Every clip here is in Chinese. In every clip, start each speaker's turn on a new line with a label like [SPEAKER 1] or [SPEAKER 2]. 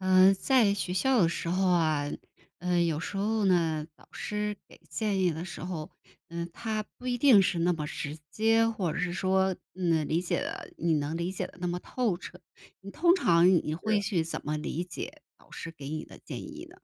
[SPEAKER 1] 嗯，在学校的时候啊，嗯，有时候呢，老师给建议的时候，嗯，他不一定是那么直接，或者是说，嗯，理解得你能理解得那么透彻。你通常你
[SPEAKER 2] 是
[SPEAKER 1] 会
[SPEAKER 2] 啊。
[SPEAKER 1] 去怎么理解老师给你的建议呢？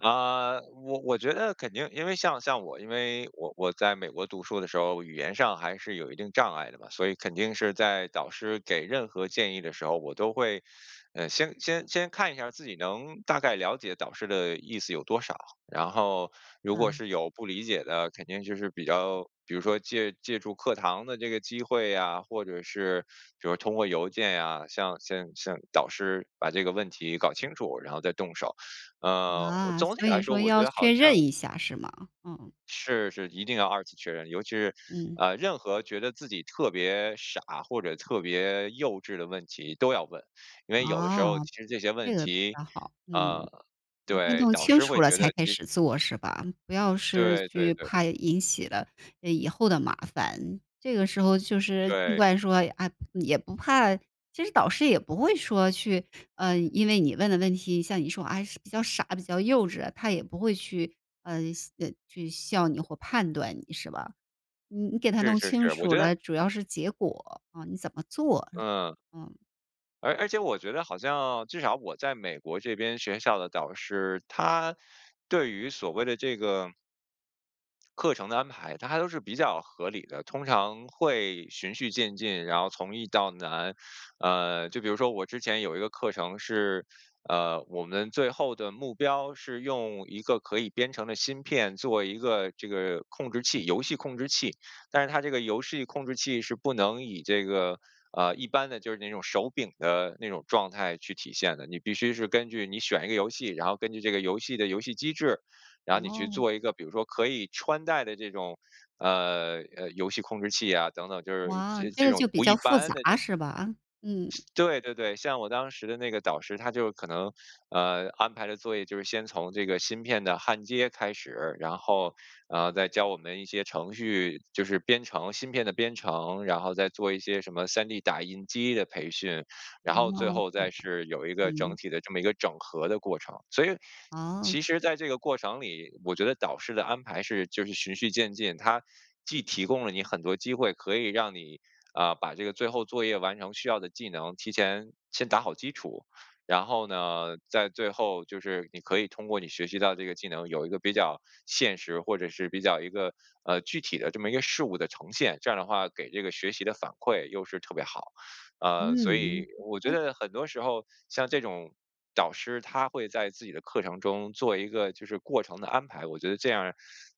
[SPEAKER 2] 啊，我我觉得肯定。因为像像我因为我我在美国读书的时候，语言上还是有一定障碍的嘛，所以肯定是在导师给任何建议的时候，我都会呃，先先先看一下儿自己能大概了解导师的意思有多少。然后如果
[SPEAKER 1] 嗯。
[SPEAKER 2] 是有不理解的，肯定就是比较比如说借借助课堂的这个机会呀，或者是比如说通过邮件呀，向向向导师把这个问题搞清楚，然后再动手。呃，
[SPEAKER 1] 啊，
[SPEAKER 2] 总体
[SPEAKER 1] 所
[SPEAKER 2] 来
[SPEAKER 1] 以
[SPEAKER 2] 说，
[SPEAKER 1] 说
[SPEAKER 2] 我觉
[SPEAKER 1] 要
[SPEAKER 2] 得好
[SPEAKER 1] 确认
[SPEAKER 2] 像
[SPEAKER 1] 一下，是吗？嗯。
[SPEAKER 2] 是是，一定要二次确认。尤其是，
[SPEAKER 1] 嗯。
[SPEAKER 2] 啊，任何觉得自己特别傻，或者特别幼稚的问题都要问。因为有的时
[SPEAKER 1] 啊，
[SPEAKER 2] 候其实这些
[SPEAKER 1] 这
[SPEAKER 2] 问
[SPEAKER 1] 个比
[SPEAKER 2] 题
[SPEAKER 1] 较好。嗯，
[SPEAKER 2] 啊，
[SPEAKER 1] 你一定
[SPEAKER 2] 对，
[SPEAKER 1] 弄
[SPEAKER 2] 导
[SPEAKER 1] 清
[SPEAKER 2] 师
[SPEAKER 1] 楚
[SPEAKER 2] 会
[SPEAKER 1] 了
[SPEAKER 2] 觉
[SPEAKER 1] 才
[SPEAKER 2] 得，
[SPEAKER 1] 开
[SPEAKER 2] 其
[SPEAKER 1] 始做，是吧？不要是
[SPEAKER 2] 对，
[SPEAKER 1] 去
[SPEAKER 2] 对，对。
[SPEAKER 1] 怕引起了，呃，以后的麻烦。这个时候就是尽
[SPEAKER 2] 对。
[SPEAKER 1] 管说，啊，也不怕其实导师也不会说去呃，因为你问的问题像你说，哎呀，是比较傻、比较幼稚的，他也不会去，呃，笑呃，去笑你或判断你，是吧？你你给它
[SPEAKER 2] 是
[SPEAKER 1] 弄
[SPEAKER 2] 是
[SPEAKER 1] 清
[SPEAKER 2] 是，我
[SPEAKER 1] 楚
[SPEAKER 2] 觉得
[SPEAKER 1] 了，主要是结果，啊，你怎么做。
[SPEAKER 2] 嗯。
[SPEAKER 1] 嗯。
[SPEAKER 2] 而而且我觉得好像至少我在美国这边学校的导师，他对于所谓的这个课程的安排，它还都是比较合理的，通常会循序渐进，然后从易到难。呃，就比如说我之前有一个课程是呃，我们最后的目标，是用一个可以编程的芯片做一个这个控制器游戏控制器。但是它这个游戏控制器是不能以这个，呃，一般的就是那种手柄的那种状态去体现的，你必须是根据你选一个游戏，然后根据这个游戏的游戏机制，然后你去
[SPEAKER 1] 哦。
[SPEAKER 2] 做一个比如说可以穿戴的这种，呃，呃，游戏控制器呀等等，就是
[SPEAKER 1] 哇，
[SPEAKER 2] 这
[SPEAKER 1] 这
[SPEAKER 2] 这
[SPEAKER 1] 个
[SPEAKER 2] 种
[SPEAKER 1] 就比
[SPEAKER 2] 不一
[SPEAKER 1] 较复
[SPEAKER 2] 般的那
[SPEAKER 1] 杂，是吧？嗯。
[SPEAKER 2] 对对对，像我当时的那个导师，他就可能呃，安排的作业就是先从这个芯片的焊接开始，然后，呃，再教我们一些程序，就是编程芯片的编程，然后再做一些什么 3D 打印机的培训，然后最
[SPEAKER 1] 哦，
[SPEAKER 2] 后
[SPEAKER 1] 这
[SPEAKER 2] 再
[SPEAKER 1] 样。
[SPEAKER 2] 是有一个整
[SPEAKER 1] 嗯。
[SPEAKER 2] 体的这么一个整合的过程。所以，
[SPEAKER 1] 哦。
[SPEAKER 2] 其实在这个过程里，我觉得导师的安排是就是循序渐进。他既提供了你很多机会，可以让你，啊，把这个最后作业完成需要的技能，提前先打好基础。然后呢，在最后就是你可以通过你学习到这个技能，有一个比较现实，或者是比较一个呃，具体的这么一个事物的呈现。这样儿的话，给这个学习的反馈又是特别好。呃，所以，
[SPEAKER 1] 嗯。
[SPEAKER 2] 我觉
[SPEAKER 1] OK。
[SPEAKER 2] 得很多时候像这种导师，他会在自己的课程中做一个就是过程的安排，我觉得这样儿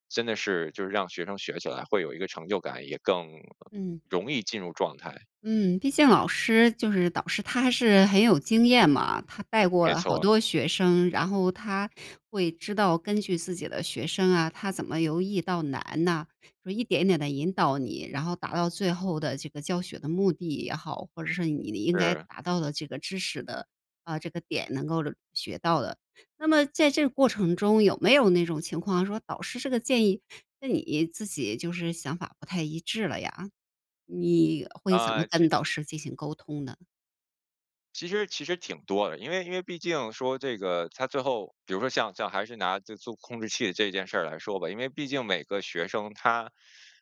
[SPEAKER 2] 真的是就是让学生学起来会有一个成就感，也更
[SPEAKER 1] 嗯。
[SPEAKER 2] 容易进入状态。
[SPEAKER 1] 嗯，毕竟老师就是导师他还是很有经验嘛。他带过
[SPEAKER 2] 没
[SPEAKER 1] 了好
[SPEAKER 2] 错。
[SPEAKER 1] 多学生，然后他会知道根据自己的学生啊，他怎么由易到难呐，说一点点地引导你，然后达到最后的这个教学的目的也好，或者是你应该
[SPEAKER 2] 是。
[SPEAKER 1] 达到的这个知识的呃，这个点能够学到的。那么在这个过程中，有没有那种情况说，导师这个建议跟你自己就是想法不太一致了呀？你会怎么
[SPEAKER 2] 呃，其
[SPEAKER 1] 跟
[SPEAKER 2] 实
[SPEAKER 1] 导师进行沟通呢？
[SPEAKER 2] 其实其实挺多的。因为因为毕竟说这个它最后比如说像像还是拿这做控制器这件事儿来说吧，因为毕竟每个学生他，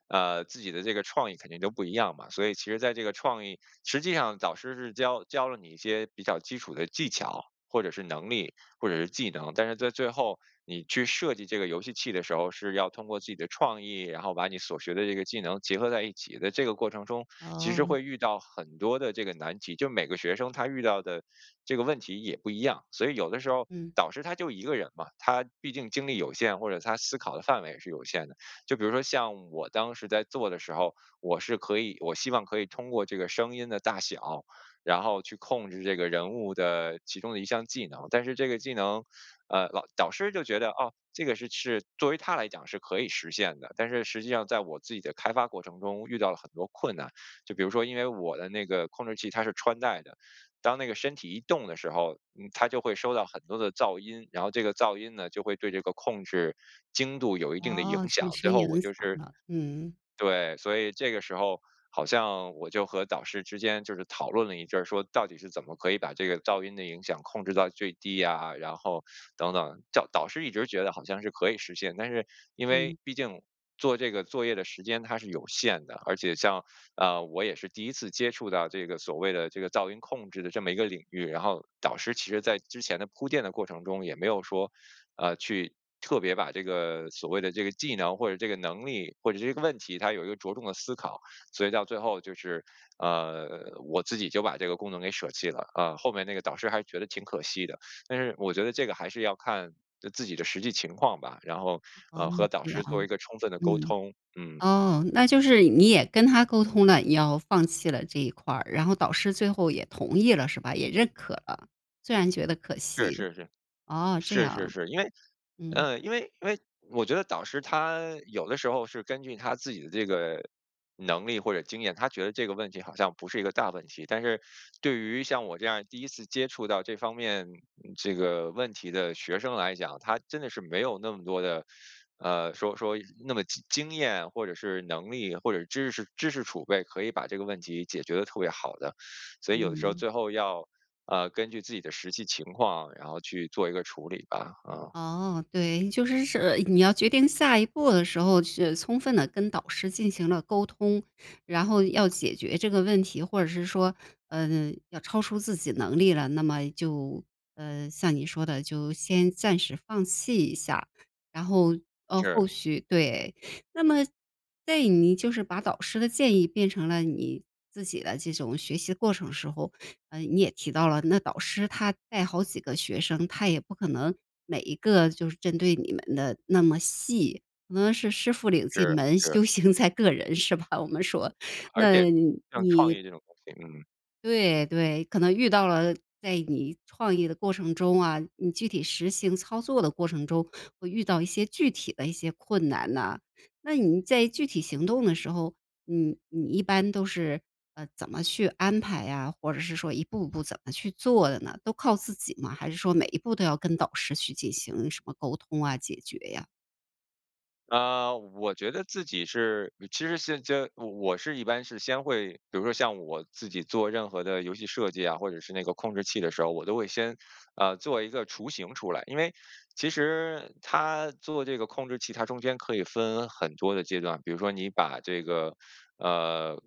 [SPEAKER 2] 呃，自己的这个创意肯定都不一样嘛，所以其实在这个创意实际上导师是教教了你一些比较基础的技巧，或者是能力，或者是技能，但是在最后你去设计这个游戏器的时候，是要通过自己的创意，然后把你所学的这个技能结合在一起。在这个过程中，其实
[SPEAKER 1] 哦。
[SPEAKER 2] 会遇到很多的这个难题，就每个学生他遇到的这个问题也不一样。所以有的时候儿
[SPEAKER 1] 嗯。
[SPEAKER 2] 导师他就一个人嘛，他毕竟精力有限，或者他思考的范围是有限的。就比如说像我当时在做的时候，我是可以我希望可以通过这个声音的大小，然后去控制这个人物的其中的一项技能。但是这个技能，呃，老导师就觉得，哦，这个是是作为他来讲是可以实现的，但是实际上在我自己的开发过程中，遇到了很多困难。就比如说因为我的那个控制器，它是穿戴的，当那个身体一动的时候，嗯，它就会收到很多的噪音，然后这个噪音呢，就会对这个控制精度有一定的
[SPEAKER 1] 哦，
[SPEAKER 2] 影响。
[SPEAKER 1] 传
[SPEAKER 2] 最
[SPEAKER 1] 声
[SPEAKER 2] 后
[SPEAKER 1] 也
[SPEAKER 2] 我
[SPEAKER 1] 能
[SPEAKER 2] 就
[SPEAKER 1] 想
[SPEAKER 2] 是
[SPEAKER 1] 到，嗯。
[SPEAKER 2] 对，所以这个时候儿好像我就和导师之间就是讨论了一阵儿，说到底是怎么可以把这个噪音的影响，控制到最低呀？然后等等。叫导师一直觉得好像是可以实现，但是因为
[SPEAKER 1] 嗯。
[SPEAKER 2] 毕竟做这个作业的时间它是有限的，而且像，啊，我也是第1次接触到这个所谓的这个噪音控制的这么一个领域，然后导师其实在之前的铺垫的过程中，也没有说，呃，去特别把这个所谓的这个技能，或者这个能力，或者这个问题，他有一个着重的思考，所以到最后就是呃，我自己就把这个功能给舍弃了。啊，后面那个导师还觉得挺可惜的，但是我觉得这个还是要看自己的实际情况吧，然后，
[SPEAKER 1] 哦，
[SPEAKER 2] 呃，和导
[SPEAKER 1] 这样。
[SPEAKER 2] 师做一个充分的沟
[SPEAKER 1] 嗯，
[SPEAKER 2] 通，嗯。
[SPEAKER 1] 哦，那就是你也跟他沟通了，你要放弃了这一块儿，然后导师最后也同意了，是吧？也认可了，虽然觉得可
[SPEAKER 2] 是
[SPEAKER 1] 惜。
[SPEAKER 2] 是是，
[SPEAKER 1] 哦，这
[SPEAKER 2] 是是
[SPEAKER 1] 样。
[SPEAKER 2] 是。因为
[SPEAKER 1] 嗯。
[SPEAKER 2] 呃，因为因为我觉得导师他有的时候，是根据他自己的这个能力或者经验，他觉得这个问题好像不是一个大问题。但是对于像我这样儿第1次接触到这方面这个问题的学生来讲，他真的是没有那么多的呃，说说那么经经验或者是能力，或者知识知识储备可以把这个问题解决得特别好的。所以有的时候
[SPEAKER 1] 嗯。
[SPEAKER 2] 最后要，呃，根据自己的实际情况，然后去做一个处理吧，啊。
[SPEAKER 1] 哦，对，就是是你要决定下一步的时候，是充分地跟导师进行了沟通，然后要解决这个问题，或者是说，呃，要超出自己能力了，那么就呃，像你说的，就先暂时放弃一下。然后，呃，
[SPEAKER 2] 是。
[SPEAKER 1] 后续对，那么对，你就是把导师的建议，变成了你自己的这种学习过程时候，呃，你也提到了，那导师他带好几个学生，他也不可能每一个就是针对你们的那么细，可能是师傅领进
[SPEAKER 2] 是，
[SPEAKER 1] 门，
[SPEAKER 2] 是。
[SPEAKER 1] 修行在个人，是吧？我们说。
[SPEAKER 2] 而
[SPEAKER 1] 那
[SPEAKER 2] 且像创
[SPEAKER 1] 你
[SPEAKER 2] 意这种东西嗯。
[SPEAKER 1] 对，对，可能遇到了在你创业的过程中啊，你具体实行操作的过程中，会遇到一些具体的一些困难啊，那你在具体行动的时候，你你一般都是，呃，怎么去安排呀？或者是说一步步怎么去做的呢？都靠自己吗？还是说每一步都要跟导师去进行什么沟通啊，解决呀。
[SPEAKER 2] 呃，我觉得自己是其实是这我我是一般是先会比如说像我自己做任何的游戏设计啊，或者是那个控制器的时候，我都会先，呃，做一个雏形出来。因为其实它做这个控制器，它中间可以分很多的阶段，比如说你把这个呃，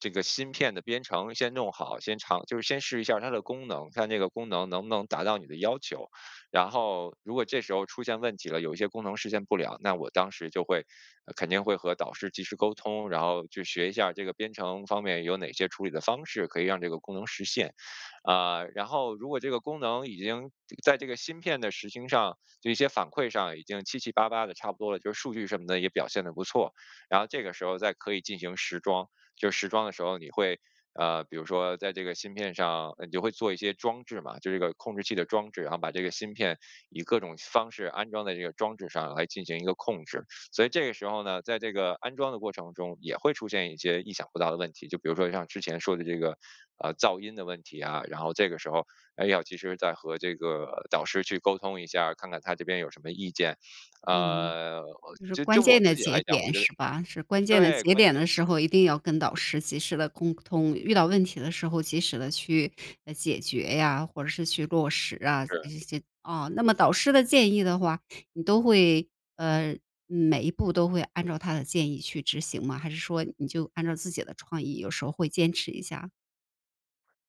[SPEAKER 2] 这个芯片的编程先弄好，先尝就是先试一儿下它的功能，看那个功能能不能达到你的要求。然后如果这时候出现问题了，有一些功能实现不了，那我当时就会呃，肯定会和导师及时沟通，然后去学一下儿这个编程方面，有哪些处理的方式，可以让这个功能实现。啊，然后如果这个功能已经在这个芯片地实行上就一些反馈上，已经七七八八的差不多了，就是数据什么的也表现得不错。然后这个时候儿再可以进行实装，就是实装的时候，你会啊，比如说在这个芯片上呃，你就会做一些装置嘛，就这个控制器的装置，然后把这个芯片，以各种方式安装在这个装置上来进行一个控制。所以这个时候呢，在这个安装的过程中，也会出现一些意想不到的问题，就比如说像之前说的这个，呃，噪音的问题呀，然后这个时候儿，哎，要及时再和这个导师去沟通一下儿，看看他这边有什么意见。
[SPEAKER 1] 嗯，
[SPEAKER 2] 呃，
[SPEAKER 1] 就是
[SPEAKER 2] 就就
[SPEAKER 1] 关
[SPEAKER 2] 我
[SPEAKER 1] 键的
[SPEAKER 2] 自己
[SPEAKER 1] 节
[SPEAKER 2] 来讲，我
[SPEAKER 1] 点，
[SPEAKER 2] 觉得
[SPEAKER 1] 是吧？是关键的
[SPEAKER 2] 对，
[SPEAKER 1] 节
[SPEAKER 2] 关
[SPEAKER 1] 点
[SPEAKER 2] 键
[SPEAKER 1] 的
[SPEAKER 2] 是
[SPEAKER 1] 时候，一定要跟导师及时的沟通，遇到问题的时候及时地去，呃，解决呀，或者是去落实啊，
[SPEAKER 2] 是。
[SPEAKER 1] 这些。啊那么导师的建议的话，你都会呃，每一步都会按照他的建议去执行吗？还是说你就按照自己的创意，有时候会坚持一下儿。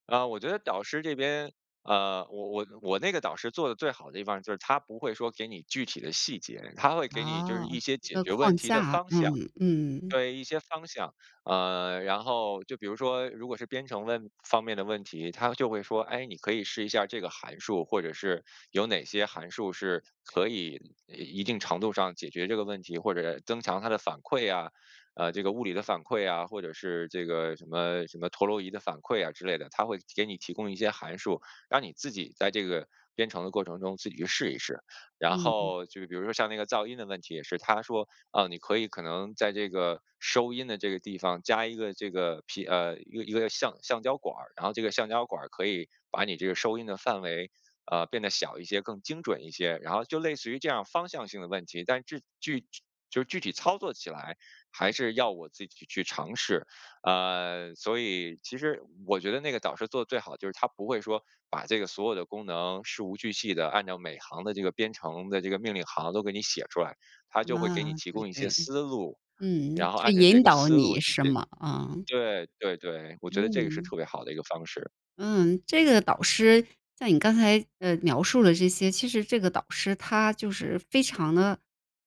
[SPEAKER 2] 啊，我觉得导师这边啊，我我我那个导师做得最好的地方儿，就是他不会说给你具体的细节，他会给你就是
[SPEAKER 1] 哦，
[SPEAKER 2] 一些
[SPEAKER 1] 这
[SPEAKER 2] 解
[SPEAKER 1] 个
[SPEAKER 2] 决问
[SPEAKER 1] 框
[SPEAKER 2] 题的
[SPEAKER 1] 架，
[SPEAKER 2] 方向。
[SPEAKER 1] 嗯嗯。
[SPEAKER 2] 对，一些方向，啊，然后就比如说，如果是编程问方面的问题，他就会说“哎，你可以试一下儿这个函数”，或者是有哪些函数是可以一一定程度上解决这个问题，或者增强它的反馈呀，呃，这个物理的反馈啊，或者是这个什么什么陀螺仪的反馈啊之类的，他会给你提供一些函数，让你自己在这个编程的过程中，自己去试一试。然
[SPEAKER 1] 嗯嗯。
[SPEAKER 2] 后就比如说像那个噪音的问题也是，他说：“啊，你可以可能在这个，收音的这个地方加一个这个皮呃，一个一个橡橡胶管儿，然后这个橡胶管儿，可以把你这个收音的范围，啊，变得小一些，更精准一些。”然后就类似于这样儿方向性的问题，但是具具就是具体操作起来，还是要我自己去去尝试。呃，所以其实我觉得那个导师做得最好，就是他不会说，把这个所有的功能，事无巨细地按照每行的这个编程的这个命令行，都给你写出来，他就会给你
[SPEAKER 1] 啊。
[SPEAKER 2] 提
[SPEAKER 1] 对
[SPEAKER 2] 供一些
[SPEAKER 1] 对，
[SPEAKER 2] 思路，
[SPEAKER 1] 嗯，
[SPEAKER 2] 然后
[SPEAKER 1] 去
[SPEAKER 2] 按照这
[SPEAKER 1] 引
[SPEAKER 2] 个
[SPEAKER 1] 导
[SPEAKER 2] 思路
[SPEAKER 1] 你
[SPEAKER 2] 解
[SPEAKER 1] 是吗？啊。
[SPEAKER 2] 对，对对，我觉得这个是
[SPEAKER 1] 嗯。
[SPEAKER 2] 特别好的一个方式。
[SPEAKER 1] 嗯，这个导师，像你刚才，呃，描述了这些，其实这个导师他就是非常地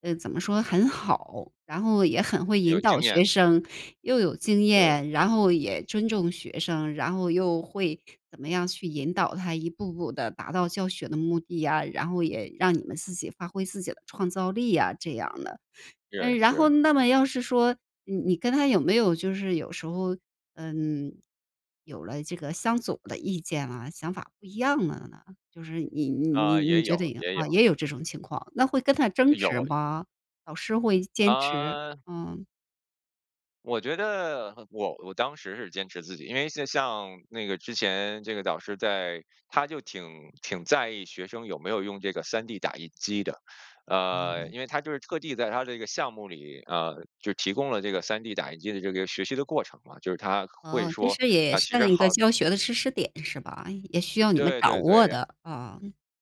[SPEAKER 1] 呃，怎么说，很好，然后也很会
[SPEAKER 2] 有
[SPEAKER 1] 引导
[SPEAKER 2] 经验。
[SPEAKER 1] 学生，又有经
[SPEAKER 2] 对。
[SPEAKER 1] 验，然后也尊重学生，然后又会怎么样去引导他一步步地达到教学的目的呀，然后也让你们自己发挥自己的创造力呀，这样的。呃，
[SPEAKER 2] 是
[SPEAKER 1] 然后
[SPEAKER 2] 是。
[SPEAKER 1] 那么要是说你你跟他有没有就是有时候，嗯，有了这个相左的意见啊，想法不一样了呢？就是你你你
[SPEAKER 2] 啊，
[SPEAKER 1] 你
[SPEAKER 2] 也
[SPEAKER 1] 觉
[SPEAKER 2] 有，
[SPEAKER 1] 得赢
[SPEAKER 2] 也
[SPEAKER 1] 啊，
[SPEAKER 2] 有。
[SPEAKER 1] 也有这种情况，那会跟他争执
[SPEAKER 2] 有。
[SPEAKER 1] 吗？老师会坚持？
[SPEAKER 2] 啊。
[SPEAKER 1] 嗯。
[SPEAKER 2] 我觉得我我当时是坚持自己，因为那像那个之前这个导师在他就挺挺在意学生有没有用这个 3D 打印机的。呃，因为他就是特地在他这个项目里呃，就提供了这个 3D 打印机的这个学习的过程嘛，就是他会
[SPEAKER 1] 哦，这
[SPEAKER 2] 说
[SPEAKER 1] 是也
[SPEAKER 2] “啊，其
[SPEAKER 1] 算
[SPEAKER 2] 实
[SPEAKER 1] 是一个
[SPEAKER 2] 耗“
[SPEAKER 1] 教学的知识点，是吧？也需要你们
[SPEAKER 2] 对，
[SPEAKER 1] 掌
[SPEAKER 2] 对，对。
[SPEAKER 1] 握
[SPEAKER 2] 然
[SPEAKER 1] 的，啊。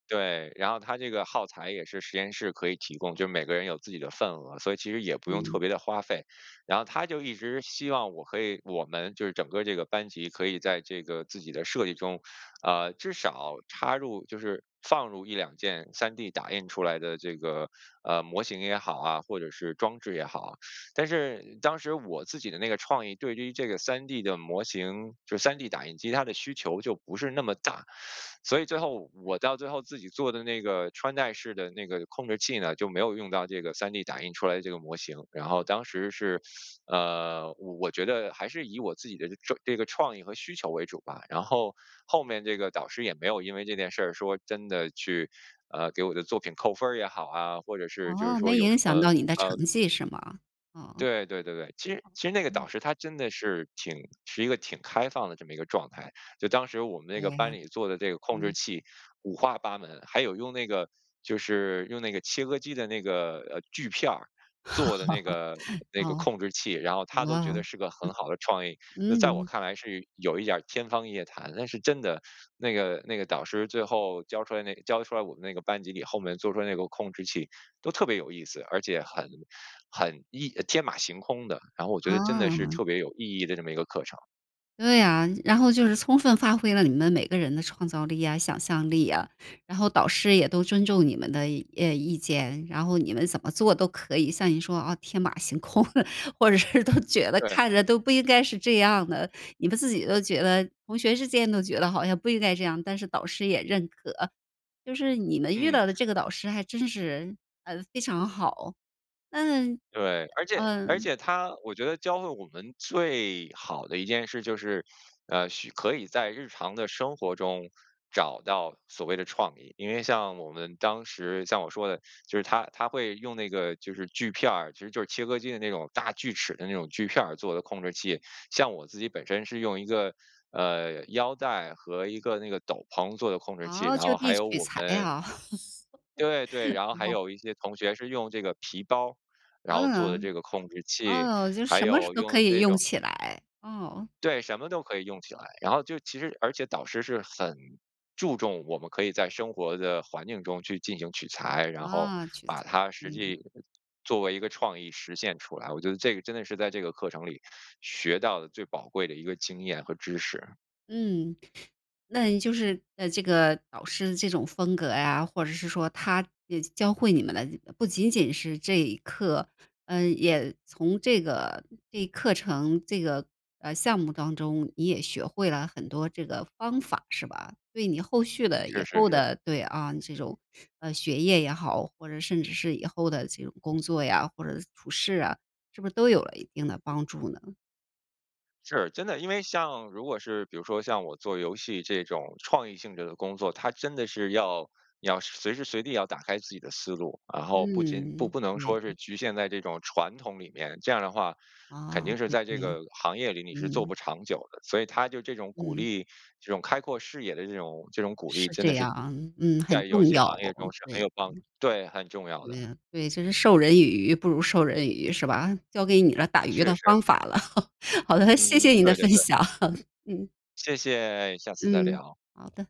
[SPEAKER 2] 对，然后它这个耗材也是实验室可以提供，就每个人有自己的份额，所以其实也不用特
[SPEAKER 1] 嗯。
[SPEAKER 2] 别的花费。然后他就一直希望我可以我们就是整个这个班级可以在这个自己的设计中，啊，至少插入就是放入1-2件 3D 打印出来的这个，呃，模型也好啊，或者是装置也好。但是当时我自己的那个创意，对于这个 3D 的模型就是 3D 打印机，它的需求就不是那么大。所以最后我到最后自己做的那个穿戴式的那个控制器呢，就没有用到这个 3D 打印出来的这个模型。然后当时是呃，我觉得还是以我自己的这这个创意和需求为主吧。然后后面这个导师，也没有因为这件事儿说真的去，呃，给我的作品扣分儿也好啊，或者是就是
[SPEAKER 1] 哦，
[SPEAKER 2] 说
[SPEAKER 1] 没
[SPEAKER 2] 有
[SPEAKER 1] 影
[SPEAKER 2] 什
[SPEAKER 1] 响
[SPEAKER 2] 么，
[SPEAKER 1] 到你的成
[SPEAKER 2] 呃
[SPEAKER 1] 绩，是吗？哦。
[SPEAKER 2] 对，对对对，其实其实那个
[SPEAKER 1] [unintelligible]
[SPEAKER 2] 导师他真的是挺是一个挺开放的这么一个状态，就当时我们那
[SPEAKER 1] 对
[SPEAKER 2] 个班
[SPEAKER 1] 呀。
[SPEAKER 2] 里做的这个控制
[SPEAKER 1] 嗯。
[SPEAKER 2] 器五花八门，还有用那个就是用那个切割机的那个，呃，锯片儿做的那个 那个
[SPEAKER 1] 哦。
[SPEAKER 2] 控制器，然后
[SPEAKER 1] 啊，
[SPEAKER 2] 他都觉得 是个很好的创意，那在我
[SPEAKER 1] 嗯。
[SPEAKER 2] 看来是有一点儿天方夜谭。但是真的，那个那个导师最后教出来那教出来我们那个班级里，后面做出来那个控制器都特别有意思，而且很很意天马行空的，然后我觉得真的是
[SPEAKER 1] 啊。
[SPEAKER 2] 特别有意义的这么一个课程。
[SPEAKER 1] 对啊，然后就是充分发挥了你们每个人的创造力呀、想象力呀，然后导师也都尊重你们的，呃，意见，然后你们怎么做都可以，像你说，啊，天马行空，或者是都觉得
[SPEAKER 2] 对。
[SPEAKER 1] 看着都不应该是这样的，你们自己都觉得同学之间都觉得好像不应该这样，但是导师也认可。就是你们遇
[SPEAKER 2] 嗯。
[SPEAKER 1] 到的这个导师还真是，呃，非常好。嗯，
[SPEAKER 2] 对，而且而
[SPEAKER 1] 嗯。
[SPEAKER 2] 且他我觉得教会我们最好的一件事就是，呃，许可以在日常的生活中，找到所谓的创意。因为像我们当时像我说的，就是他他会用那个就是锯片儿，其实就是切割机的那种大锯齿的那种锯片儿，做的控制器，像我自己本身是用一个，呃，腰带和一个那个斗篷做的控制器，
[SPEAKER 1] 哦，
[SPEAKER 2] 然
[SPEAKER 1] 就
[SPEAKER 2] 后
[SPEAKER 1] 地
[SPEAKER 2] 还有
[SPEAKER 1] 取
[SPEAKER 2] 我
[SPEAKER 1] 材
[SPEAKER 2] 们
[SPEAKER 1] 啊。
[SPEAKER 2] 对，对，然后还
[SPEAKER 1] 哦。
[SPEAKER 2] 有一些同学是用这个皮包儿，然后做的
[SPEAKER 1] 嗯。
[SPEAKER 2] 这个控制器，
[SPEAKER 1] 哦，就
[SPEAKER 2] 还
[SPEAKER 1] 什么
[SPEAKER 2] 有
[SPEAKER 1] 都
[SPEAKER 2] 用
[SPEAKER 1] 可
[SPEAKER 2] 的
[SPEAKER 1] 以
[SPEAKER 2] 这
[SPEAKER 1] 用
[SPEAKER 2] 种
[SPEAKER 1] 起来，哦。
[SPEAKER 2] 对，什么都可以用起来，然后就其实而且导师是很注重我们可以在生活的环境中，去进行取材，然后
[SPEAKER 1] 啊，取
[SPEAKER 2] 把
[SPEAKER 1] 材，
[SPEAKER 2] 它实
[SPEAKER 1] 嗯。
[SPEAKER 2] 际作为一个创意实现出来，我觉得这个真的是在这个课程里，学到的最宝贵的一个经验和知识。
[SPEAKER 1] 嗯，那你就是呃，这个导师的这种风格呀，或者是说他，呃，教教会你们的这不仅仅是这一课，嗯，也从这个这一课程，这个，呃，项目当中，你也学会了很多这个方法，是吧？对你后续的、以
[SPEAKER 2] 确实
[SPEAKER 1] 后
[SPEAKER 2] 是。
[SPEAKER 1] 的对，啊，这种，啊，学业也好，或者甚至是以后的这种工作呀，或者处事啊，是不是都有了一定的帮助呢？
[SPEAKER 2] 是。真的，因为像如果是比如说像我做游戏这种创意性质的工作，它真的是要要随时随地要打开自己的思路，然后不仅不
[SPEAKER 1] 嗯，
[SPEAKER 2] 不能
[SPEAKER 1] 对，
[SPEAKER 2] 说是
[SPEAKER 1] 嗯。
[SPEAKER 2] 局限在这种传统里面，这样的话，肯
[SPEAKER 1] 啊，
[SPEAKER 2] 定是
[SPEAKER 1] 对
[SPEAKER 2] 在这
[SPEAKER 1] 对。
[SPEAKER 2] 个行业里你是做
[SPEAKER 1] 嗯。
[SPEAKER 2] 不长久的，所以他就这种鼓
[SPEAKER 1] 嗯。
[SPEAKER 2] 励这种开阔视野的这种这种鼓励，
[SPEAKER 1] 是
[SPEAKER 2] 真的
[SPEAKER 1] 这
[SPEAKER 2] 是
[SPEAKER 1] 样。嗯，很
[SPEAKER 2] 在游
[SPEAKER 1] 重
[SPEAKER 2] 戏
[SPEAKER 1] 要。
[SPEAKER 2] 行业中是很
[SPEAKER 1] 对
[SPEAKER 2] 有帮
[SPEAKER 1] 对。
[SPEAKER 2] 对，很重要的。
[SPEAKER 1] 对啊，对，就是“授人以鱼，不如授人以渔”，是吧？教给你了打渔
[SPEAKER 2] 是
[SPEAKER 1] 的
[SPEAKER 2] 是。
[SPEAKER 1] 方法了。好的，谢
[SPEAKER 2] 嗯
[SPEAKER 1] 谢
[SPEAKER 2] 嗯，
[SPEAKER 1] 你的
[SPEAKER 2] 对对
[SPEAKER 1] 分
[SPEAKER 2] 对。
[SPEAKER 1] 享。嗯。
[SPEAKER 2] 谢谢哎，下次再
[SPEAKER 1] 嗯，
[SPEAKER 2] 聊。
[SPEAKER 1] 好的。